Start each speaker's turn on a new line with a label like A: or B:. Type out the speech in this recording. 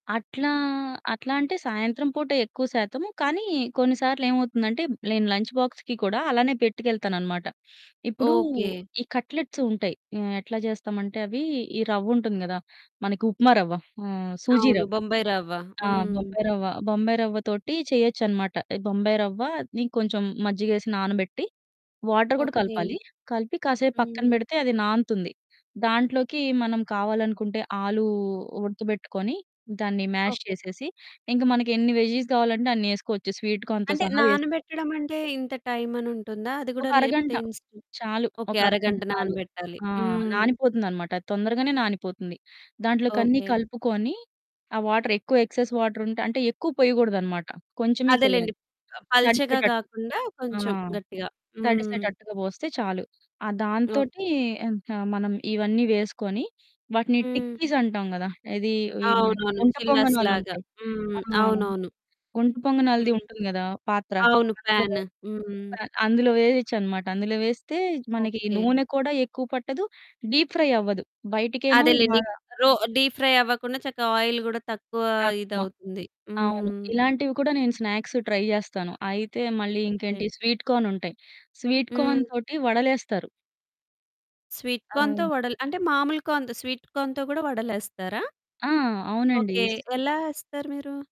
A: అట్లా అట్లా అంటే సాయంత్రం పూట ఎక్కువ శాతము. కానీ కొన్నిసార్లేమవుతుందంటే నేను లంచ్ బాక్స్‌కి కూడా అలానే పెట్టుకెళ్తాననమాట. ఇప్పుడు
B: ఓకే.
A: ఈ కట్లెట్స్ ఉంటాయి. ఆహ్, ఎట్లా చేస్తామంటే అవి ఈ రవ్వుంటుంది గదా! మనకి ఉప్మా రవ్వ ఆహ్, సూజీ
B: అవును.
A: రవ్వ.
B: బొంబాయి రవ్వ.
A: ఆ!
B: హ్మ్.
A: బొంబాయి రవ్వ. బొంబాయి రవ్వ తోటి చేయొచ్చనమాట. బొంబాయి రవ్వని కొంచెం మజ్జిగేసి నానబెట్టి వాటర్ కూడా
B: ఓకే.
A: కలపాలి. కలిపి కాసేపు పక్కన
B: హ్మ్.
A: బెడితే అది నాన్తుంది. దాంట్లోకి మనం కావాలనుకుంటే ఆలు ఉడకబెట్టుకొని దాన్ని మ్యాష్
B: ఓకే.
A: చేసేసి ఇంకా మనకెన్ని వెజ్జీస్ కావాలంటే అన్నేసుకోవచ్చు స్వీట్ కార్న్‌‌తో
B: అంటే
A: సహా వేసుకో
B: నానబెట్టడం అంటే ఇంత టైమనుంటుందా? అది
A: ఒక
B: గూడా లేపోతే
A: అరగంట.
B: ఇన్స్టంట్
A: చాలు
B: ఓకే.
A: ఒక అరగంట
B: అరగంట
A: చాలు.
B: నానబెట్టాలి.
A: ఆ!
B: హ్మ్.
A: నానిపోతుందన్నమాట. అది తొందరగానే నానిపోతుంది. దాంట్లోకన్నీ
B: ఓకే.
A: కలుపుకొని ఆ వాటర్ ఎక్కువ ఎక్సెస్ వాటరుంటే అంటే ఎక్కువ పోయకూడదన్నమాట. కొంచెమే
B: అదేలెండి.
A: పొయ్యాలి.
B: ప పల్చగా
A: తడిచేటట్టు.
B: గాకుండా
A: ఆ!
B: కొంచెం గట్టిగా. హ్మ్.
A: తడిసేటట్టుగా బోస్తే చాలు. ఆ
B: ఓకే.
A: దాంతోటి ఇక మనం ఇవన్నీ వేసుకొని వాటిని
B: హ్మ్.
A: టిక్కీస్ అంటాం గదా! ఏది ఈ హ్మ్,
B: అవునవును
A: గుంట
B: చిల్లస్ లాగా
A: పొంగనాలుంటాయి. ఆ!
B: హ్మ్. అవునవును.
A: గుంట పొంగనాలది
B: హ్మ్.
A: ఉంటుంది గదా పాత్ర.
B: అవును
A: అందులో
B: పాను. హ్మ్.
A: పా అందులో వేయొచ్చనమాట. అందులో వేస్తే మనకి
B: ఓకే.
A: నూనె కూడా ఎక్కువ పట్టదు డీప్ ఫ్రై అవ్వదు. బయటికేమో
B: అదేలెండి.
A: బాగా
B: ఇంకా రో డీప్ ఫ్రై అవ్వకుండా చక్కగా ఆయిల్ గూడా తక్కువ
A: తక్కువ.
B: ఇదవుతుంది.
A: అవును.
B: హ్మ్.
A: ఇలాంటివి కూడా నేను స్నాక్సు ట్రై జేస్తాను. అయితే మళ్ళీ
B: ఓకే.
A: ఇంకేంటి స్వీట్ కార్న్ ఉంటాయి. స్వీట్
B: హ్మ్.
A: కార్న్ తోటి వడలేస్తారు.
B: స్వీట్ కార్న్‌తో
A: ఆ!
B: వడలు, అంటే మామూలు కార్న్‌తో స్వీట్ కార్న్‌తో గూడా వడలేస్తారా?
A: ఆ! అవునండి.
B: ఓకే.
A: స్
B: ఎలా ఏస్తారు మీరు?